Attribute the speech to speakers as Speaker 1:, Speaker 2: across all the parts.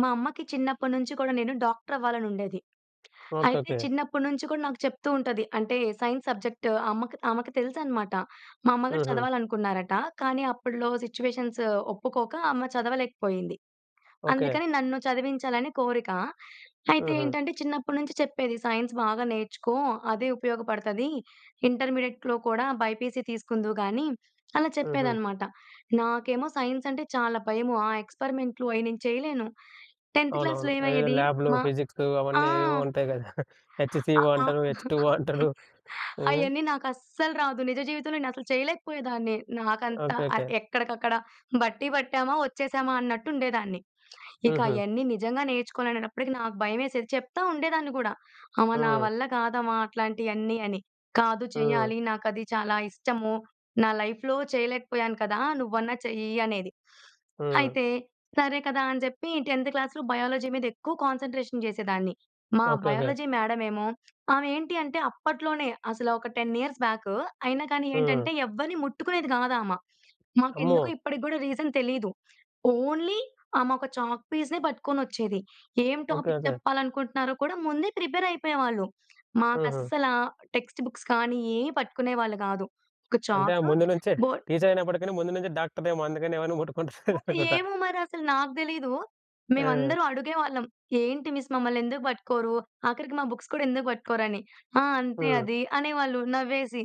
Speaker 1: మా అమ్మకి చిన్నప్పట్నుంచి కూడా నేను డాక్టర‌వ్వాలనుండేది.
Speaker 2: ఓకె.
Speaker 1: అయితే
Speaker 2: ఓకె.
Speaker 1: చిన్నప్పట్నుంచి కూడా నాకు చెప్తూ ఉంటది. అంటే సైన్స్ సబ్జెక్ట్ అమ్మకు ఆమెకు తెలుసనమాట. మా అమ్మగారు
Speaker 2: హుహు.
Speaker 1: చదవాలనుకున్నారట. కానీ అప్పట్లో సిట్యుయేషన్సు ఒప్పుకోక అమ్మ చదవలేకపోయింది.
Speaker 2: ఓకె.
Speaker 1: అందుకని నన్ను చదివించాలని కోరిక. అయితే
Speaker 2: హుహు.
Speaker 1: ఏంటంటే చిన్నప్పట్నుంచి చెప్పేది. "సైన్స్ బాగా నేర్చుకో అదే ఉపయోగపడతది. ఇంటర్మీడియట్‌లో కూడా బైపీసీ తీసుకుందువు గానీ" అలా
Speaker 2: హుహు.
Speaker 1: చెప్పేదనమాట. నాకేమో సైన్స్ అంటే చాలా భయము. ఆ ఎక్స్‌పరిమెంట్‌లు అయి నేను చేయలేను. 10థ్ క్లాస్‌లో
Speaker 2: అవునవును. అవేవో
Speaker 1: ఏమయ్యేది
Speaker 2: ల్యాబ్‌లు,
Speaker 1: మా
Speaker 2: ఫిజిక్సు
Speaker 1: ఆ!
Speaker 2: అవన్నీ ఏవేవో ఉంటాయి గద!
Speaker 1: అ
Speaker 2: హెచ్‌సీ‌ఓ
Speaker 1: ఆ!
Speaker 2: అంటారు. హెచ్‌టు‌ఓ అంటారు. హ్మ్.
Speaker 1: అయన్నీ నాకస్సలు రాదు. నిజ జీవితంలో నేనసలు చేయలేకపోయేదాన్ని. నాకంతా
Speaker 2: ఓకె.
Speaker 1: ఆహ్,
Speaker 2: ఓకె.
Speaker 1: ఎక్కడికక్కడ బట్టీ పట్టామా, వచ్చేశామా అన్నట్టు ఉండేదాన్ని. ఇక
Speaker 2: హుహు.
Speaker 1: అయన్నీ నిజంగా నేర్చుకోవాలనేటప్పటికి నాకు భయమేసేది. చెప్తా ఉండేదాన్ని కూడా అమ్మ నా
Speaker 2: హ్మ్.
Speaker 1: వల్ల కాదమ్మా అట్లాంటియన్నీ అని. "కాదు
Speaker 2: హ్మ్.
Speaker 1: చెయ్యాలి. నాకది చాలా ఇష్టము. నా లైఫ్‌లో చేయలేకపోయాను కదా, నువ్వన్నా చెయ్యి" అనేది.
Speaker 2: హ్మ్.
Speaker 1: అయితే సరే కదా! అని చెప్పి 10థ్ క్లాస్‌లో బయాలజీ మీద ఎక్కువ కాన్సంట్రేషన్ చేసేదాన్ని. మా
Speaker 2: ఓకె. ఓకె.
Speaker 1: బయాలజీ మేడమేమో, ఆమె ఏంటి అంటే అప్పట్లోనే అసలా ఒక 10 ఇయర్స్ బ్యాకు అయినా కానీ ఏంటంటే,
Speaker 2: హ్మ్.
Speaker 1: ఎవ్వరిని ముట్టుకునేది కాదు ఆమ.
Speaker 2: అమ్మో!
Speaker 1: మాకెందుకో ఇప్పటికి కూడా రీజన్ తెలీదు. ఓన్లీ ఆమోక చాక్‌పీస్‌నే పట్టుకొనొచ్చేది. ఏం
Speaker 2: ఓకె
Speaker 1: టాపిక్
Speaker 2: ఓకె.
Speaker 1: చెప్పాలనుకుంటున్నారో కూడా ముందే ప్రిపేర్ అయిపోయేవాళ్ళు.
Speaker 2: హుహు.
Speaker 1: మాకస్సలా టెక్స్ట్ బుక్స్ కానీ, ఏయి పట్టుకునేవాళ్ళు కాదు. ఒక
Speaker 2: అంటే ఆమె
Speaker 1: చాకు,
Speaker 2: ముందు నుంచే
Speaker 1: బోర్డ్
Speaker 2: టీచరయినప్పటికీ‌ని ముందు నుంచే డాక్టరేమో అందుకని ఎవరిని
Speaker 1: బో
Speaker 2: ముట్టుకుంటలేదనుకుంటా.
Speaker 1: ఏమో మరసలు నాకు తెలీదు.
Speaker 2: ఆ!
Speaker 1: మేమందరం అడిగేవాళ్ళం ఏంటి మిస్ మమ్మలనేందుకు పట్టుకోరు? ఆఖరికి మా బుక్స్ కూడా ఎందుకు పట్టుకోరు అని? "ఆ! అంతే
Speaker 2: హ్మ్.
Speaker 1: అది" అనే వాళ్ళు నవ్వేసి.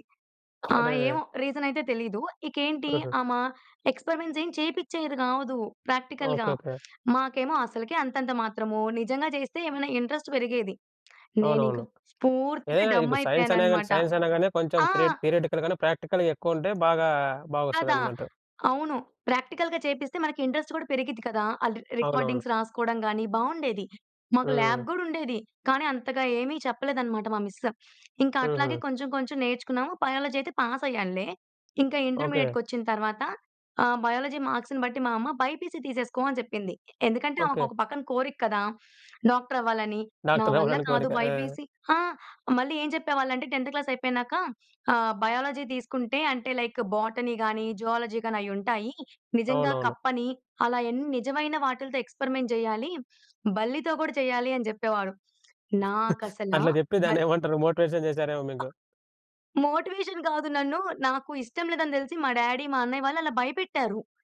Speaker 1: ఆహ్,
Speaker 2: అరెరే!
Speaker 1: ఏమో రీజన‌యితే తెలీదు. ఇకేంటి
Speaker 2: హుహు.
Speaker 1: ఆమ, ఎక్స్‌పరిమెంట్స్ ఏం చేపించేది గాదు ప్రాక్టికల్‌గా.
Speaker 2: ఓకె. ఓకె.
Speaker 1: మాకేమో అసలుకే అంతంత మాత్రము. నిజంగా చేస్తే ఏమన్నా ఇంట్రెస్ట్ పెరిగేది.
Speaker 2: అవునవును.
Speaker 1: నేనింకా పూర్తిగా
Speaker 2: ఏదైనా
Speaker 1: డమ్
Speaker 2: ఇప్పుడు సైన్స‌నే గాని,
Speaker 1: అయిపోయానన్నమాట.
Speaker 2: సైన్స‌యినా గానీ కొంచెం
Speaker 1: ఆ!
Speaker 2: త్రి థియరిటి‌కల్‌ గాను, ప్రాక్టికల్‌గా ఎక్కువుంటే బాగా
Speaker 1: కదా!
Speaker 2: బాగొస్తదన్నమాట.
Speaker 1: అవును. ప్రాక్టికల్‌గా చేపిస్తే మనకి ఇంట్రెస్ట్ కూడా పెరిగిద్ది కదా! అది
Speaker 2: అవునవును.
Speaker 1: రికార్డింగ్స్ రాసుకోవడం గాని బావుండేది. మాకు ల్యాబ్
Speaker 2: హ్మ్.
Speaker 1: గూడా ఉండేది. కానీ అంతగా ఏమి చెప్పలేదన్నమాట మా మిస్. ఇంకా అట్లాగే
Speaker 2: హుహు.
Speaker 1: కొంచెం కొంచెం నేర్చుకున్నాము. బయాలజీ అయితే పాస్ అయ్యానులే. ఇంకా
Speaker 2: ఓకె.
Speaker 1: ఇంటర్మీడియేట్‌కొచ్చిన తరువాత, ఆహ్, బయాలజీ మార్క్స్‌ని బట్టి మా అమ్మ "బైపీసీ తీసేసుకో" అని చెప్పింది. ఎ ఎందుకంటే
Speaker 2: ఓకె.
Speaker 1: ఆమెకొక పక్కన కోరిక కదా! డాక్టర్ అవ్వాలని. నా వల్ల
Speaker 2: డాక్టర‌వ్వా‌లని
Speaker 1: కాదు
Speaker 2: కోరిక. ఆ!
Speaker 1: బైపీసీ ఆ! మళ్ళీ ఏం చెప్పేవాళ్ళంటే 10థ్ క్లాస్ అయిపోయినాక ఆహ్, బయాలజీ తీసుకుంటే అంటే, లైక్ బోటనీ కానీ, జువాలజీ గాని అయి ఉంటాయి. నిజంగా
Speaker 2: అవునవును.
Speaker 1: కప్పని అలాయన్ని నిజమైన వాటిలతో ఎక్స్‌పరిమెంట్ చేయాలి. బల్లితో కూడా చేయాలి అని చెప్పేవాడు. నాకసలా
Speaker 2: అట్లా జెప్పి
Speaker 1: బల్
Speaker 2: దాన్నే‌మంటారు మోటివేషన్ జేసారేమో
Speaker 1: అ!
Speaker 2: మీకు.
Speaker 1: మోటివేషన్ కాదు. నన్ను నాకు ఇష్టం లేదని తెలిసి మా డ్యాడీ, మా అన్నయ్య వాళ్ళు అలా భయపెట్టారు.